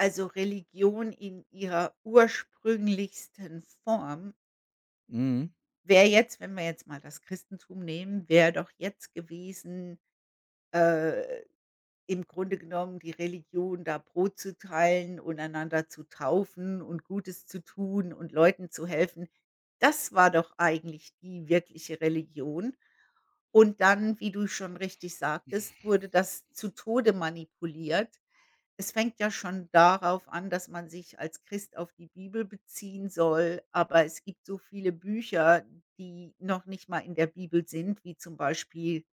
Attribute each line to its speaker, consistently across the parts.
Speaker 1: Also, Religion in ihrer ursprünglichsten Form
Speaker 2: Mhm.
Speaker 1: wäre jetzt, wenn wir jetzt mal das Christentum nehmen wäre doch jetzt gewesen, äh, im Grunde genommen die Religion, da Brot zu teilen und einander zu taufen und Gutes zu tun und Leuten zu helfen. Das war doch eigentlich die wirkliche Religion und dann, wie du schon richtig sagtest, wurde das zu Tode manipuliert. Es fängt ja schon darauf an, dass man sich als Christ auf die Bibel beziehen soll, aber es gibt so viele Bücher, die noch nicht mal in der Bibel sind, wie zum Beispiel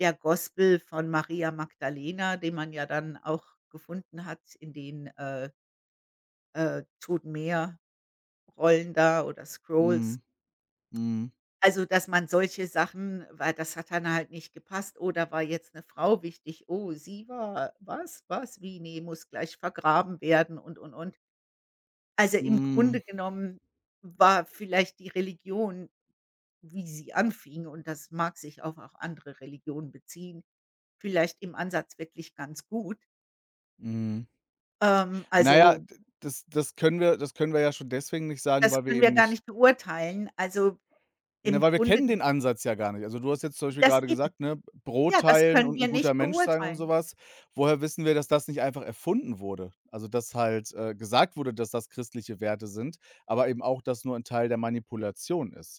Speaker 1: der Gospel von Maria Magdalena, den man ja dann auch gefunden hat in den, äh äh, Tot-Meer-Rollen da oder Scrolls.
Speaker 2: Mhm. Mhm.
Speaker 1: Also, dass man solche Sachen weil das hat dann halt nicht gepasst: „Oh, da war jetzt 'ne Frau wichtig. Oh, sie war was? Was? Wie? Ne, muss gleich vergraben werden” und, und, und. Also, im
Speaker 2: Hm.
Speaker 1: Grunde genommen war vielleicht die Religion, wie sie anfing und das mag sich auf auch andere Religionen beziehen, vielleicht im Ansatz wirklich ganz gut.
Speaker 2: Mhm.
Speaker 1: Ähm,
Speaker 2: Na ja,
Speaker 1: also
Speaker 2: d das das können wir das können wir ja schon deswegen nicht sagen,
Speaker 1: Das
Speaker 2: weil wir
Speaker 1: können wir
Speaker 2: eben
Speaker 1: gar
Speaker 2: nicht
Speaker 1: nicht beurteilen. Also,
Speaker 2: Na,
Speaker 1: im
Speaker 2: weil wir
Speaker 1: Grunde
Speaker 2: kennen
Speaker 1: g
Speaker 2: den Ansatz ja gar nicht. Also, du hast jetzt zum Beispiel
Speaker 1: Das
Speaker 2: grade
Speaker 1: eben
Speaker 2: gesagt, ne, B Brot
Speaker 1: ja, das
Speaker 2: teilen
Speaker 1: können
Speaker 2: und
Speaker 1: wir
Speaker 2: 'n guter
Speaker 1: nicht
Speaker 2: Mensch sein und so
Speaker 1: beurteilen.
Speaker 2: was. Woher wissen wir, dass das nicht einfach erfunden wurde, also dass halt, äh, gesagt wurde, dass das christliche Werte sind, aber eben auch das nur ein Teil der Manipulation ist?